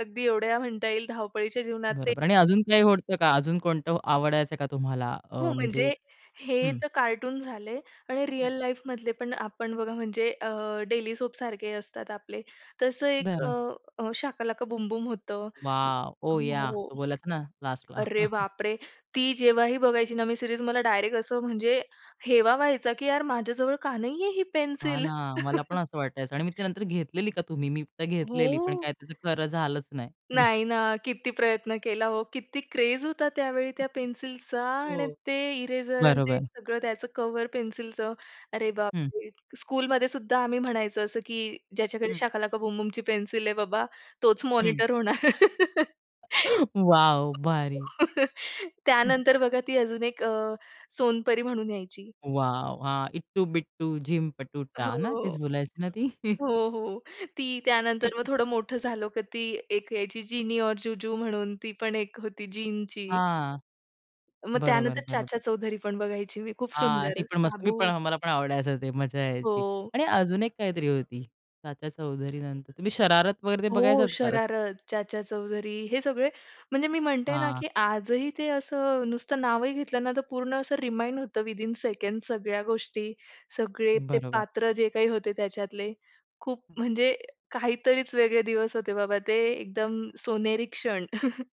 अगदी एवढ्या म्हणता येईल धावपळीच्या जीवनात ते बरोबर आणि अजून काही होत का अजून कोणतं आवडायचं का तुम्हाला? हो, अ, म्हणजे म्हणजे हे हं. तर कार्टून झाले आणि रिअल हं. लाईफमधले पण आपण बघा म्हणजे अ, डेली सोपसारखे असतात आपले, तसं एक अ, बरं. अ, शाका लाका बूम बूम होतं. वॉव! ओह! याह. हो, तो बोलायचा ना लास्टला. अरे बापरे! ती जेव्हाही बघायची ना मी सीरीज मला डायरेक्ट असं म्हणजे हेवा व्हायचा, की यार माझ्याजवळ का नाही आहे ही हां पेन्सिल? ना, मला पण असं वाटायचं आणि मी ती नंतर घेतलेली का तुम्ही? मी तर घेतलेली पण हो. काय त्याचं खरं झालंच नाही. नाही ना, किती प्रयत्न केला हो. किती क्रेज होता त्यावेळी त्या पेन्सिलचा आणि हो, ते इरेजर अन् ते बरोबर. सगळं त्याचं कव्हर पेन्सिलचं अरे, हं. बापरे! [unintelligible] स्कूलमध्ये सुद्धा आम्ही म्हणायचं असं, की "ज्याच्याकडे हं. शाका लाका बूम बूमची पेन्सिल आहे बाबा तोच हं. मॉनिटर होणार" वॉव! भारी. हं. त्यानंतर बघा ती अजून एक अ, सोनपरी म्हणून यायची. वॉव! हां, इट्टू बिट्टू झिम हो, पटूटा, ना? तेच बोलायचे ना ती. हो, हो. ती त्यानंतर मग थोडं मोठं झालं, की ती एक यायची जिनी और जूजू म्हणून ती पण एक होती जिनची. हां, मग बरोबर, त्यानंतर बरोबर. चाचा चौधरी पण बघायची मी खूप हां, ती सुंदर, पण मस्त मी पण साबू. मला पण आवडायचं ते मजा हो. यायची आणि अजून एक काहीतरी होती. चाचा चौधरी नंतर तुम्ही शरारत वगैरे ते हो, बघायचत का? शरारत, चाचा चौधरी हे सगळे म्हणजे मी म्हणते ना, हां. की आजही ते असं नुसतं नावही घेतलं ना तर पूर्ण असं रिमाइंड होतं विथिन अ सेकंड सगळ्या गोष्टी, सगळे ते बरोबर. पात्र जे काही होते त्याच्यातले, खूप हं. म्हणजे काहीतरीच वेगळे दिवस होते बाबा ते, एकदम सोनेरी क्षण.